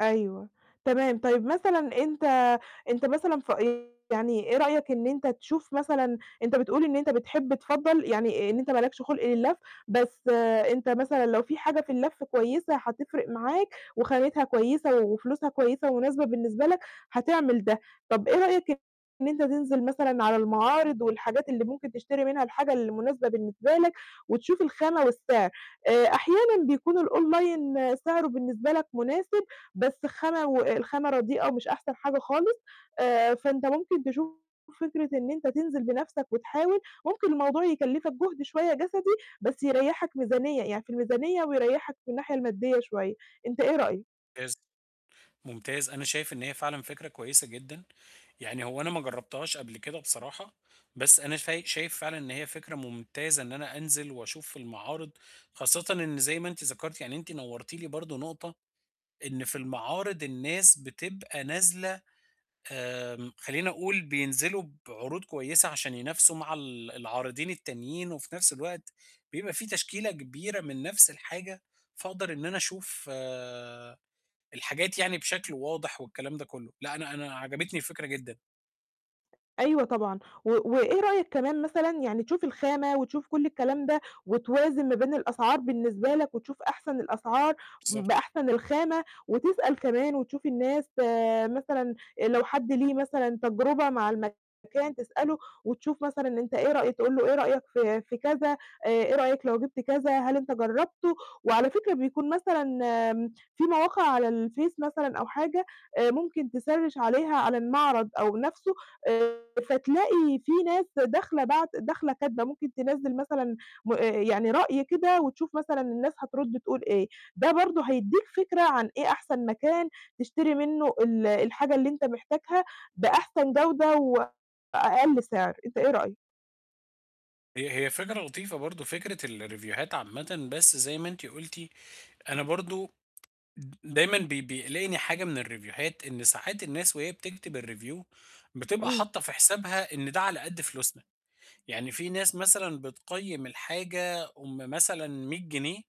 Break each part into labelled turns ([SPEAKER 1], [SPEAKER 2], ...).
[SPEAKER 1] أيوه، تمام طيب، مثلًا أنت أنت مثلًا ف [unintelligible] يعني إيه رأيك إن أنت تشوف مثلًا أنت بتقول إن أنت بتحب تفضّل يعني إن أنت ما لكش خُلق للَّف، بس أنت مثلًا لو في حاجة في اللَّف كويسة هتفرِق معاك، وخامتها كويسة وفلوسها كويسة ومناسبة بالنسبة لك هتعمل ده، طب إيه رأيك إن أنت تنزل مثلًا على المعارض والحاجات اللي ممكن تشتري منها الحاجة اللي مُناسبة بالنسبة لك، وتشوف الخامة والسعر، آآ أحيانًا بيكون الOnline سعره بالنسبة لك مُناسب، بس خامة والخامة رديئة ومش أحسن حاجة خالص، آآ فأنت ممكن تشوف فكرة أنت تنزِل بنفْسك وتحاول، ممكن الموضوع يكلّفك جُهد شوية جسدي، بس يريّحك ميزانية، يعني في الميزانية ويريّحك في الناحية المادية شوية، أنت إيه رأيك؟
[SPEAKER 2] مُمتاز، مُمتاز أنا شايف إن هي فعلًا فكرة كويسة جدًا، يعني هو أنا ما جرّبتهاش قبل كده بصراحة، بس أنا فاي شايف فعلًا إن هي فكرة مُمتازة إن أنا أنزِل وأشوف المعارض، خاصةً إن زي ما أنتِ ذكرتي يعني أنتِ نورتي لي برضه نُقطة، إن في المعارض الناس بتبقى نازلة آمم خلّيني أقول بينزلوا بعروض كويسة عشان ينافسوا مع ال العارضين التانيين، وفي نفْس الوقت بيبقى في تشكيلة كبيرة من نفْس الحاجة، فأقدر إن أنا أشوف آآ الحاجات يعني بشكل واضح والكلام ده كُلّه، لأ أنا أنا عجبتني الفكرة جدًا.
[SPEAKER 1] أيوه طبعًا، و وإيه رأيك كمان مثلًا يعني تشوف الخامة وتشوف كُلّ الكلام ده، وتوازن ما بين الأسعار بالنسبة لك، وتشوف أحسن الأسعار، ب
[SPEAKER 2] بالضبط.
[SPEAKER 1] بأحسن الخامة، وتسأل كمان وتشوف الناس آآ مثلًا لو حد ليه مثلًا تجربة مع المكان تسألُه، وتشوف مثلًا أنت إيه رأيك تقول لُه: "إيه رأيك في في كذا، إيه رأيك لو جبت كذا؟ هل أنت جرّبتُه،" وعلى فكرة بيكون مثلًا آمم في مواقع على الفيس مثلًا أو حاجة، آآ ممكن تسرّش عليها على المعرض أو نفسُه، آآ فتلاقي في ناس داخلة باعت داخلة كاتبة ممكن تنزِّل مثلًا م آآ يعني رأي كده وتشوف مثلًا الناس هترد تقول إيه، ده برضه هيدّيك فكرة عن إيه أحسن مكان تشتري منه ال الحاجة اللي أنت محتاجها، بأحسن جودة وأقل سعر، أنت إيه رأيك؟
[SPEAKER 2] هي هي فكرة لطيفة برضه فكرة الريفوهات عامةً، بس زي ما أنتِ قُلتِ، أنا برضه دايمًا بي بيقلقني حاجة من الريفوهات إن ساعات الناس وهي بتكتب الReview بتبقى
[SPEAKER 1] إمم.
[SPEAKER 2] حاطة في حسابها إن ده على قد فلوسنا، يعني في ناس مثلًا بتقيّم الحاجة أُم مثلًا 100 جنيه،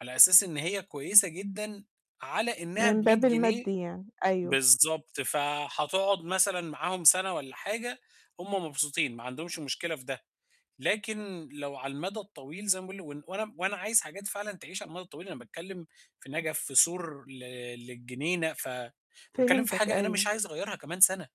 [SPEAKER 2] على أساس إن هي كويسة جدًا على إنها
[SPEAKER 1] من
[SPEAKER 2] ب100
[SPEAKER 1] باب
[SPEAKER 2] جنيه
[SPEAKER 1] المادي يعني، أيوه.
[SPEAKER 2] بالضبط فهتقعد مثلًا معاهم سَنة والّا حاجة، هُم مبسوطين ما عندهمش مشكلة في ده، لكن لو على المدى الطويل زي ما باقول، وإن وأنا وأنا عايز حاجات فعلًا تعيش على المدى الطويل، أنا باتكلِّم في نجف في سور ل للجنينة، ف باتكلّم في
[SPEAKER 1] فهمتك
[SPEAKER 2] حاجة أنا مش
[SPEAKER 1] أيوه.
[SPEAKER 2] عايز أغيّرها كمان سَنة.